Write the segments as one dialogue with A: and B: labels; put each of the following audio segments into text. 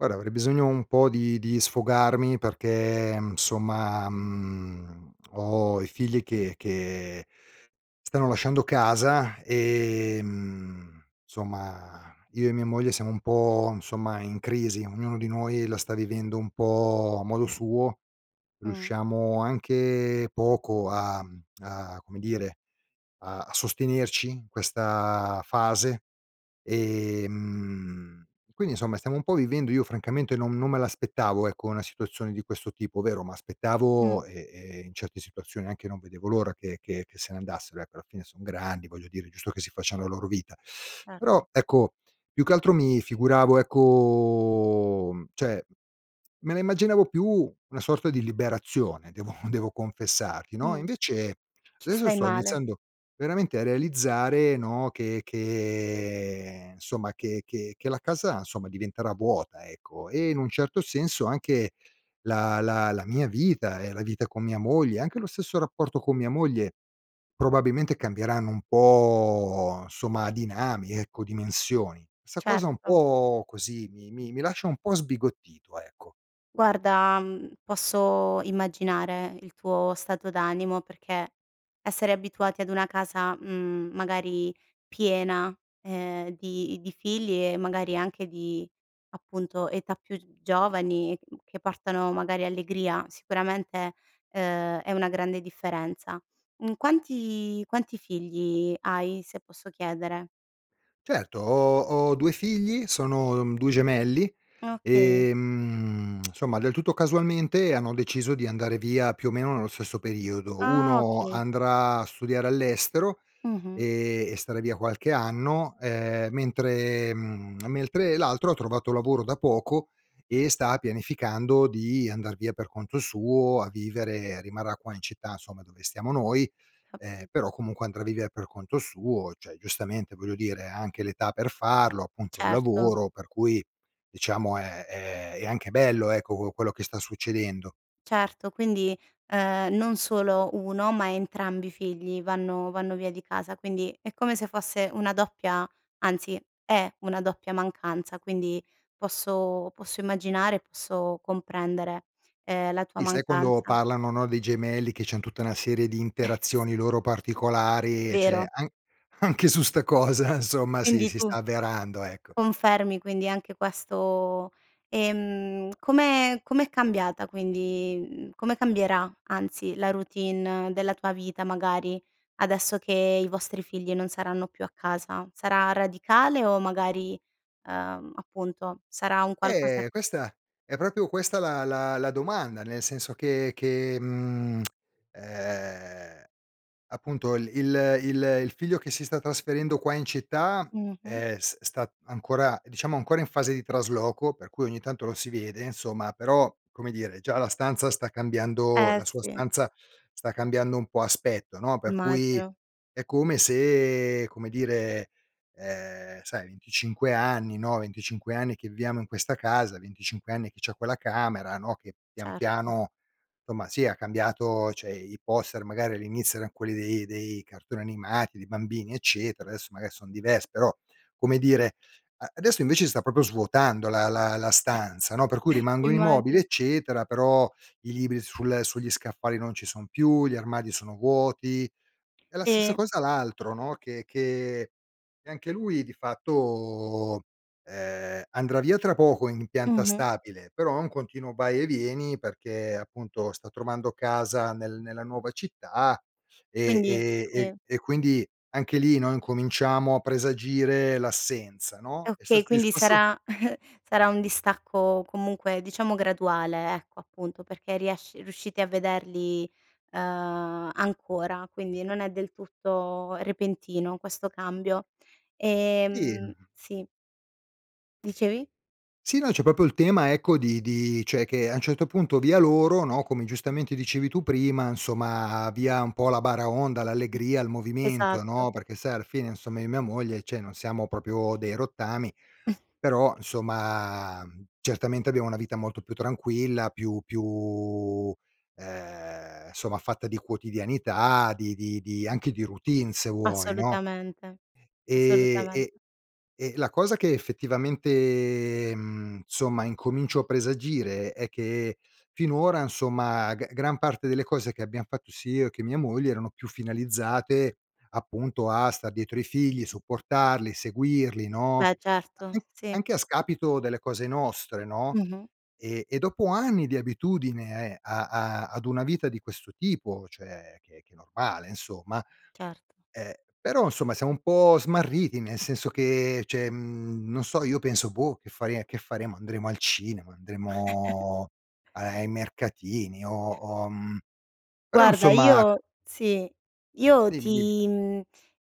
A: Guarda avrei bisogno un po' di di sfogarmi perché, mhmm, somma, mhmm, ho i figli che che stanno lasciando casa, ehm, somma io e mia moglie siamo un po', insomma, in crisi ognuno di noi la sta vivendo un po' a modo suo,
B: Mh.
A: riusciamo anche poco a mhmm, a come dire, a sostenerci, questa fase. Ehm, quindi insomma stiamo un po' vivendo io francamente non non me l'aspettavo ecco, una situazione di questo tipo. Vero
B: Mh.
A: m'aspettavo e e in certe situazioni anche non vedevo l'ora che che se ne andassero ecco, alla fine son grandi voglio dire, è giusto che si facciano la loro vita;
B: Eh.
A: però ecco, più che altro mi figuravo ecco mhmm, cioè, me la immaginavo più una sorta di liberazione devo devo confessarti no, e
B: Mh.
A: invece
B: Ci
A: adesso
B: stai
A: sto
B: male.
A: iniziando veramente a realizzare no, che che, ehm, insomma che che che la casa insomma diventerà vuota ecco, e in un certo senso anche la la la mia vita e la vita con mia moglie, anche lo stesso rapporto con mia moglie, probabilmente cambieranno un po' somma a dinami ecco dimensioni. Sta cosa un
B: Certo.
A: po' così mi mi lascia un po' sbigottito, ecco.
B: Guarda, mhmm, posso immaginare il tuo stato d'animo perché, essere abituati ad una casa, mhmm, magari piena, ehm, di di figli e magari anche di appunto, età più giovani, mhmm, che portano magari allegria sicuramente, ehm, è una grande differenza. Mhmm, quanti quanti figli hai, se posso chiedere?
A: Certo ho ho 2 figli, sono, uhm, 2 gemelli,
B: Okay.
A: ehm, somma del tutto casualmente hanno deciso di andare via più o meno nello stesso periodo.
B: Ah
A: Uno
B: okay.
A: andrà a studiare all'estero,
B: Mh-mh.
A: ehm, e starà via qualche anno, ehm, mentre mhmm, mentre l'altro ha trovato lavoro da poco e sta pianificando di andar via per conto suo a vivere. Rimarrà qua in città somma dove stiamo noi, ehm,
B: Capi
A: però comunque andrà a vivere per conto suo cioè, giustamente voglio dire ha anche l'età per farlo,
B: Mh,
A: appunto il
B: certo.
A: lavoro per cui diciamo è è è anche bello ecco, co quello che sta succedendo.
B: Certo quindi, ehm, non solo 1, ma entrambi i figli vanno vanno via di casa, quindi è come se fosse una doppia anzi, è una doppia mancanza quindi, posso, posso immaginare, posso comprendere, ehm, la tua
A: Sì, sai quando
B: mancanza.
A: parlano no, dei gemelli che c'han tutta una serie di
B: S
A: interazioni loro particolari e cioè
B: Vero.
A: an anche su sta cosa insomma si
B: Quindi
A: si
B: tu
A: sta avverando, ecco.
B: confermi quindi anche questo ehm, come com'è cambiata quindi mhmm, come cambierà anzi la routine della tua vita magari, adesso che i vostri figli non saranno più a casa? Sarà radicale o magari, ehm, appunto sarà un qualcosa
A: Eh, questa è proprio questa la la la domanda nel senso che che, mhmm, ehm, appunto, l il il il figlio che si sta trasferendo qua in città,
B: Mh-mh.
A: è s sta ancora diciamo ancora in fase di trasloco, per cui ogni tanto lo si vede insomma, però, come dire, già la stanza sta cambiando
B: Eh
A: la sua
B: sì.
A: stanza sta cambiando un po' aspetto, no; per cui
B: Immagino.
A: è come se come dire, ehm, sai 25 anni no, 25 anni che viviamo in questa casa, 25 anni che c'ha quella camera no, che pian
B: Certo.
A: piano, somma sì ha cambiato cioè, i i poster magari all'inizio eran quelli dei dei cartoni animati, dei bambini, eccetera, adesso magari son diversi; però, come dire, adesso invece si sta proprio svuotando la la la stanza, no, per cui rimangono i mobili
B: Immagino.
A: eccetera però, i libri sul sugli scaffali non ci son più, gli armadi sono vuoti e la stessa
B: Sì.
A: cosa l'altro no, che che anche lui di fatto, ehm, andrà via tra poco in pianta
B: Mh-mh.
A: stabile, però è un continuo vai e vieni perché appunto sta trovando casa nel nella nuova città e
B: Quindi
A: e e
B: sì.
A: e quindi anche lì noi incominciamo a presagire l'assenza
B: E
A: no. È
B: okay,
A: stato
B: quindi
A: discusso
B: sarà sarà un distacco comunque, diciamo graduale ecco, appunto perché riesci riuscite a vederli, ehm, ancora, quindi non è del tutto repentino questo cambio.
A: Sì,
B: Ehm
A: mh.
B: sì. Dicevi?
A: Sì, no, c'è proprio il tema ecco, di di cioè, che a un certo punto via loro no, come giustamente dicevi tu prima insomma, via un po' la baraonda, l'allegria, il movimento
B: Esatto.
A: no, perché sai alla fine, insomma, io mia moglie cioè non siamo proprio dei rottami però, insomma, mhmm, certamente abbiamo una vita molto più tranquilla, più più, ehm, somma fatta di quotidianità, di di di anche di routine se vuoi, no.
B: Assolutamente,
A: Ehm, e
B: assolutamente.
A: e la cosa che effettivamente, mhmm, somma incomincio a presagire è che finora insomma, g gran parte delle cose che abbiam fatto sia io e che mia moglie erano più finalizzate appunto, a star dietro i figli, supportarli, seguirli, no;
B: Beh certo.
A: an anche
B: Sì.
A: anche a scapito delle cose nostre, no.
B: Mh-mh.
A: E e dopo anni di abitudine a a ad una vita di questo tipo, cioè che che è normale insomma,
B: Cert
A: ehm, però insomma siamo un po' smarriti nel senso che, cioè, mhmm, non so, io penso boh, che fare che faremo, andremo al cinema, andremo are ai mercatini, o uhm, però,
B: Guarda
A: insomma
B: io sì. Io
A: Dimmi, dimmi.
B: ti mhmm,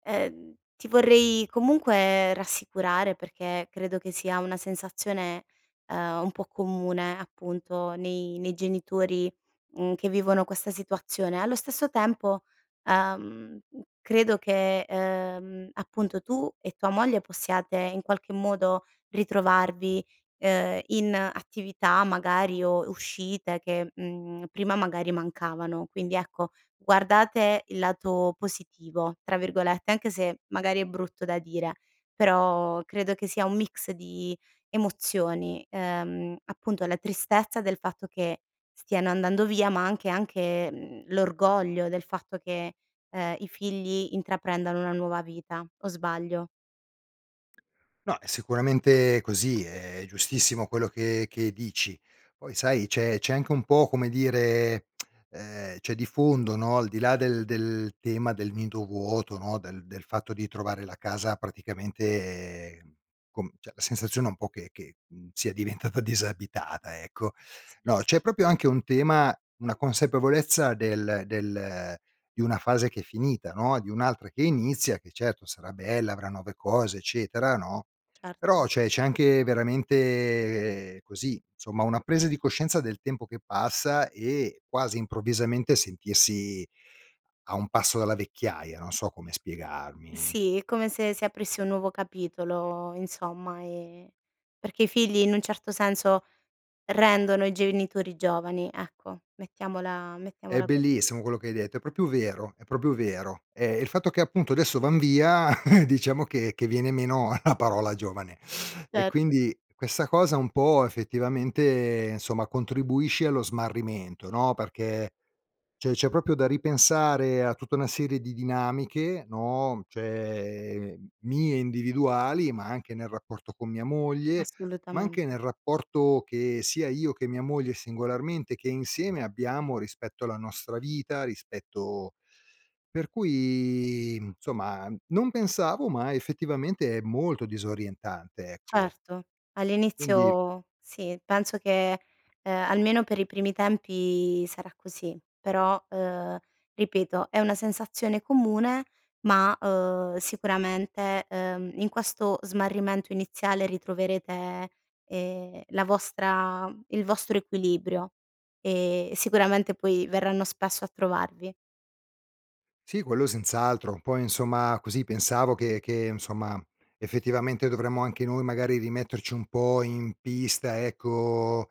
B: ehm, ti vorrei comunque rassicurare perché credo che sia una sensazione, uhm, un po' comune, appunto nei nei genitori, mhmm, che vivono questa situazione. Allo stesso tempo, uhm, credo che, uhm, appunto tu e tua moglie possiate in qualche modo ritrovarvi, uhm, in attività magari o uscite che, mhmm, prima magari mancavano. Quindi ecco, guardate il lato "positivo" tra virgolette, anche se magari è brutto da dire, però credo che sia un mix di emozioni: ehm, appunto la tristezza del fatto che stiano andando via ma anche anche, mhmm, l'orgoglio del fatto che, ehm, i figli intraprendono una nuova vita, o sbaglio?
A: No è sicuramente così, è giustissimo quello che che dici. Poi sai, c'è c'è anche un po' come dire ehm, c'è di fondo no, al di là del del tema del nido vuoto no, del del fatto di trovare la casa praticamente com cioè la sensazione è un po' che che, mhmm, sia diventata disabitata, ecco.
B: S
A: No, c'è proprio anche un tema una consapevolezza del del di una fase che è finita, no, di un'altra che inizia che certo sarà bella, avrà nuove cose, eccetera, no, però
B: Certo.
A: c'è c'è anche veramente così, somma una presa di coscienza del tempo che passa e quasi improvvisamente sentirsi a un passo dalla vecchiaia, non so come spiegarmi.
B: Sì, è come se si aprisse un nuovo capitolo insomma, ehm, perché i figli in un certo senso rendono i genitori giovani, ecco. Mettiamola
A: È
B: mettiamola così.
A: bellissimo quello che hai detto, è proprio vero, è proprio vero. Eh, il fatto che appunto adesso van via diciamo che che viene meno la parola giovane; e
B: Certo.
A: quindi questa cosa un po' effettivamente, insomma, contribuisce allo smarrimento no, perché cioè c'è proprio da ripensare a tutta una serie di dinamiche no, cioè mie individuali, ma anche nel rapporto con mia moglie, ma anche
B: Assolutamente.
A: nel rapporto che sia io che mia moglie singolarmente che insieme abbiamo rispetto alla nostra vita, rispetto per cui, mhmm, insomma, uhm, non pensavo ma effettivamente è molto disorientante, ecco.
B: Certo.
A: Quindi
B: All'inizio sì. Penso che, uhm, almeno per i primi tempi sarà così. Però, uhm, ripeto è una sensazione comune ma, uhm, sicuramente, ehm, in questo smarrimento iniziale ritroverete, ehm, la vostra il vostro equilibrio e sicuramente poi verranno spesso a trovarvi.
A: Sì, quello senz'altro. Un po' insomma, così pensavo che che insomma, effettivamente dovremmo anche noi magari rimetterci un po' in pista ecco,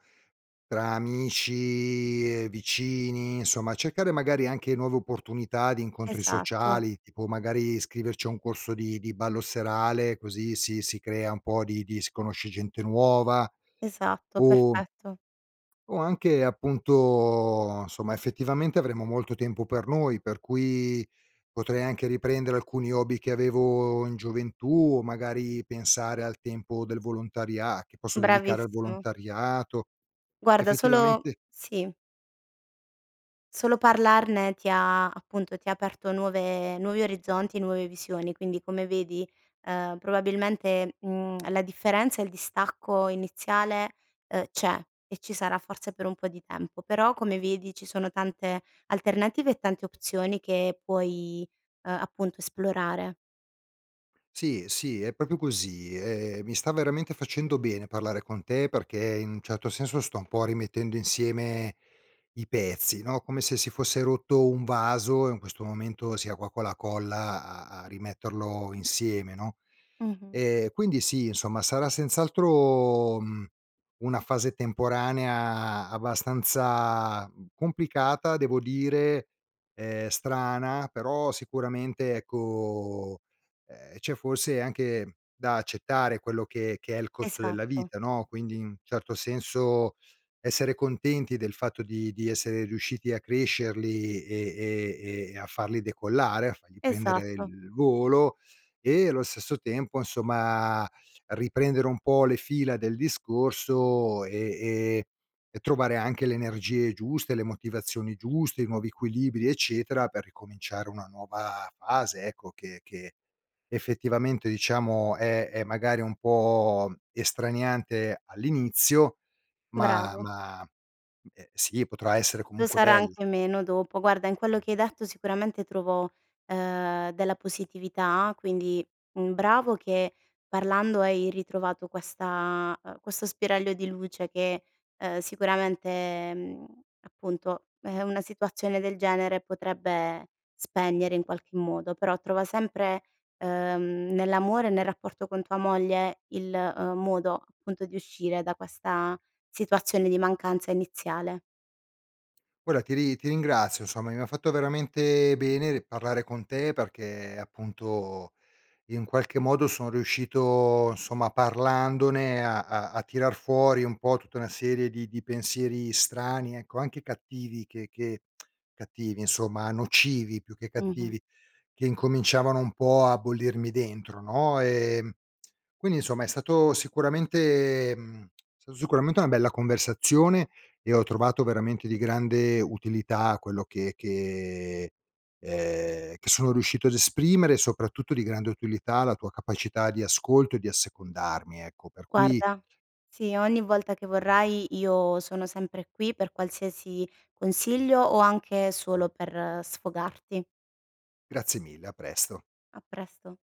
A: tra amici, ehm, vicini, insomma cercare magari anche nuove opportunità di incontri
B: Esatto.
A: sociali tipo magari, iscriverci a un corso di di ballo serale così si si crea un po' di di si conosce gente nuova.
B: Esatto,
A: O
B: perfetto.
A: o anche appunto somma effettivamente avremo molto tempo per noi per cui, potrei anche riprendere alcuni hobby che avevo in gioventù o magari pensare al tempo del volontaria che posso dedicare al
B: Bravissimo.
A: volontariato.
B: Guarda solo
A: Effettivamente
B: sì. Solo parlarne ti ha appunto ti ha aperto nuove nuovi orizzonti, nuove visioni. Quindi come vedi, ehm, probabilmente, mhmm, la differenza e il distacco iniziale, uhm, c'è e ci sarà forse per un po' di tempo; però come vedi, ci sono tante alternative e tante opzioni che puoi, ehm, appunto esplorare.
A: Sì, sì, è proprio così. Ehm, mi sta veramente facendo bene parlare con te perché in un certo senso, sto un po' rimettendo insieme i pezzi no, come se si fosse rotto un vaso e in questo momento sia qua con la colla a a rimetterlo insieme no.
B: Mh-mh.
A: Ehm, quindi sì insomma sarà senz'altro, mhmm, una fase temporanea abbastanza complicata devo dire, ehm, strana però, sicuramente ecco, ehm, c'è forse anche da accettare quello che che è il costo della
B: Esatto.
A: vita no, quindi in certo senso, essere contenti del fatto di di essere riusciti a crescerli e e e a farli decollare, a fargli prendere
B: Esatto.
A: il volo, e allo stesso tempo insomma, riprendere un po' le fila del discorso e e e trovare anche l'energie giuste, le motivazioni giuste, i nuovi equilibri eccetera per ricominciare una nuova fase ecco, che che effettivamente diciamo, è è magari un po' estraniante all'inizio, ma
B: Bravo.
A: ma, mhmm, ehm, sì, potrà essere
B: Lo
A: comunque
B: sarà
A: bello.
B: anche meno dopo. Guarda in quello che hai detto sicuramente trovo, ehm, della positività quindi, mhmm, bravo che parlando hai ritrovato questa ehm, questo spiraglio di luce che, ehm, sicuramente, mhmm, appunto è una situazione del genere potrebbe spegnere in qualche modo però, trova sempre, ehm, nell'amore e nel rapporto con tua moglie il, ehm, modo appunto di uscire da questa situazione di mancanza iniziale.
A: Guarda ti ri ti ringrazio insomma, mi ha fatto veramente bene parlare con te perché appunto, in qualche modo son riuscito, insomma parlandone a a a tirar fuori un po' tutta una serie di di pensieri strani ecco, anche cattivi che che cattivi insomma, a nocivi più che
B: Mh-mh.
A: cattivi, che incominciavano un po' a bollirmi dentro no. Ehm, quindi insomma è stato sicuramente mhmm, sta sicuramente una bella conversazione e ho trovato veramente di grande utilità quello che che ehm, che sono riuscito ad esprimere, soprattutto di grande utilità la tua capacità di ascolto e di assecondarmi ecco per cui
B: Guarda sì ogni volta che vorrai io sono sempre qui per qualsiasi consiglio o anche solo per sfogarti.
A: Grazie mille, a presto.
B: A presto.